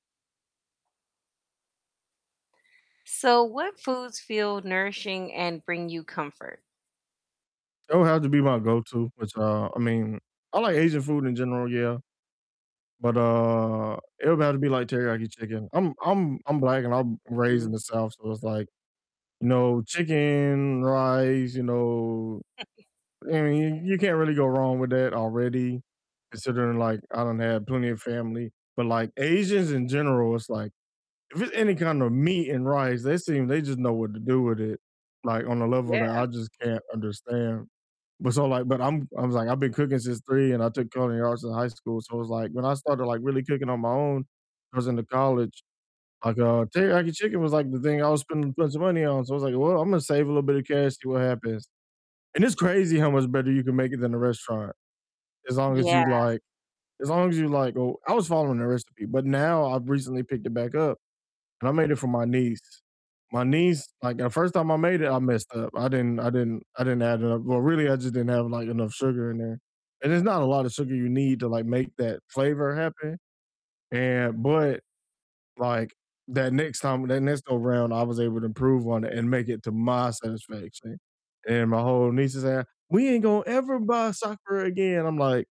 So what foods feel nourishing and bring you comfort? It would have to be my go-to, which, uh I mean, I like Asian food in general, yeah, but, uh, it would have to be like teriyaki chicken, I'm I'm I'm black and I'm raised in Mhm. the South, so it's like, you know, chicken, rice, you know, I mean, you can't really go wrong with that already considering like I don't have plenty of family, but like Asians in general, it's like if it's any kind of meat and rice, they seem they just know what to do with it, like on a level that Yeah. I just can't understand, but so like but I'm I was like, I've been cooking since 3 and I took culinary arts in high school, so it's like when I started like really cooking on my own, I was into college, like, uh teriyaki chicken was like the thing I was spending plenty of money on, so I was like, "Well, I'm gonna save a little bit of cash, see what happens," and it's crazy how much better you can make it than a restaurant as long as Yeah. you like as long as you like, oh I was following a recipe, but now I've recently picked it back up and I made it for my niece, my niece, like the first time I made it, I messed up, I didn't I didn't I didn't add enough Well, really, I just didn't have like enough sugar in there, and it's not a lot of sugar you need to like make that flavor happen, and but, like that next time, that next go round, I was able to improve on it and make it to my satisfaction, and my whole niece is saying, "We ain't gonna ever buy supper again," I'm like